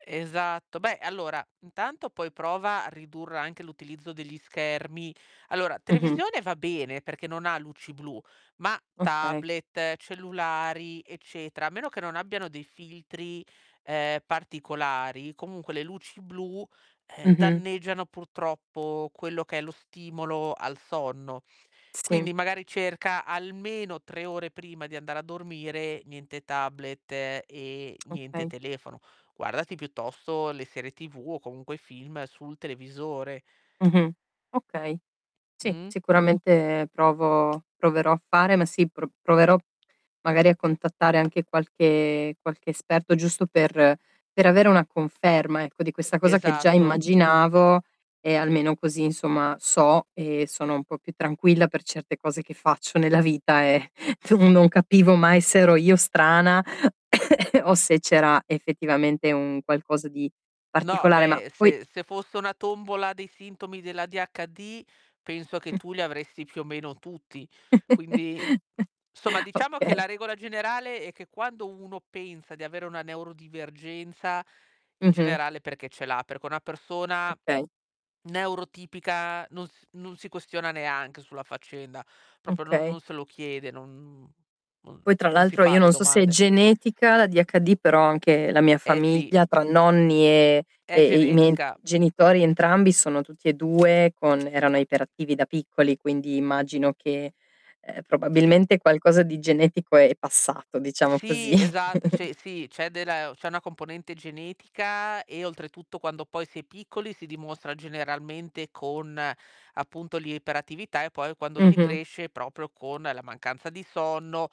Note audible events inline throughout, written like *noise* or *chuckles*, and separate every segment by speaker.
Speaker 1: Esatto, beh allora intanto poi prova a ridurre anche l'utilizzo degli schermi. Allora
Speaker 2: Mh-mh.
Speaker 1: televisione va bene perché non ha luci blu, ma
Speaker 2: Okay.
Speaker 1: tablet, cellulari, eccetera, a meno che non abbiano dei filtri, ehm, particolari, comunque le luci blu, ehm,
Speaker 2: Mh-mh.
Speaker 1: danneggiano purtroppo quello che è lo stimolo al sonno.
Speaker 2: Sì.
Speaker 1: Quindi magari cerca almeno 3 ore prima di andare a dormire niente tablet e niente
Speaker 2: Okay.
Speaker 1: telefono. Guardati piuttosto le serie TV o comunque i film sul televisore.
Speaker 2: Mh-mh. Okay. Sì,
Speaker 1: Mh.
Speaker 2: sicuramente provo proverò a fare ma sì pro proverò magari a contattare anche qualche qualche esperto giusto per per avere una conferma ecco, di questa cosa che già
Speaker 1: Esatto.
Speaker 2: immaginavo e almeno così insomma so e sono un po' più tranquilla per certe cose che faccio nella vita, ehm, tu non capivo mai se ero io strana *coughs* o se c'era effettivamente un qualcosa di
Speaker 1: No
Speaker 2: particolare. Ma
Speaker 1: beh
Speaker 2: poi
Speaker 1: se se fosse una tombola dei sintomi dell'ADHD penso che
Speaker 2: Mh.
Speaker 1: tu li avresti più o meno tutti. Quindi
Speaker 2: *chuckles*
Speaker 1: insomma diciamo che
Speaker 2: Okay.
Speaker 1: la regola generale è che quando uno pensa di avere una neuro-divergenza, in
Speaker 2: Mh-mh.
Speaker 1: generale è perché ce l'ha. Perché una persona
Speaker 2: Okay.
Speaker 1: neuro-tipica non s non si questiona neanche sulla faccenda, proprio non
Speaker 2: Okay.
Speaker 1: non se lo chiede, non non
Speaker 2: Poi tra
Speaker 1: non si
Speaker 2: l'altro io
Speaker 1: fa le
Speaker 2: non so se è
Speaker 1: domande.
Speaker 2: genetica l'ADHD, però anche la mia
Speaker 1: Eh, sì.
Speaker 2: famiglia tra nonni, ehm,
Speaker 1: È
Speaker 2: e e i miei
Speaker 1: genetica.
Speaker 2: genitori entrambi sono tutti e 2 con erano iperattivi da piccoli, quindi immagino che, ehm,
Speaker 1: Sì.
Speaker 2: probabilmente qualcosa di genetico è passato diciamo così.
Speaker 1: Sì, esatt
Speaker 2: *chuckles*
Speaker 1: cioè sì c'è della e o c'è una componente genetica e oltretutto quando poi si è piccoli si dimostra generalmente con appunto l'iperattività e poi quando si
Speaker 2: Mh-mh.
Speaker 1: cresce proprio con la mancanza di sonno,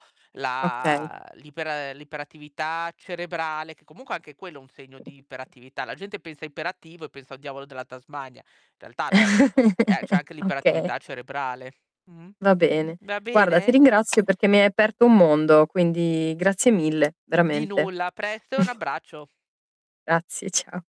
Speaker 2: Okay.
Speaker 1: la l'iper ehm, l'iperattività cerebrale, che comunque anche quello è un segno di iperattività. La gente pensa iperattivo e pensa al diavolo della Tasmania. In realtà no, ehm, c'è
Speaker 2: *chuckles*
Speaker 1: anche
Speaker 2: Okay.
Speaker 1: l'iperattività cerebrale. Mh.
Speaker 2: Va bene.
Speaker 1: Va
Speaker 2: Guarda ti
Speaker 1: bene?
Speaker 2: ringrazio perché mi hai aperto un mondo, quindi grazie mille,
Speaker 1: Di
Speaker 2: veramente.
Speaker 1: nulla, a presto e un
Speaker 2: *chuckles*
Speaker 1: abbraccio.
Speaker 2: Grazie ciao.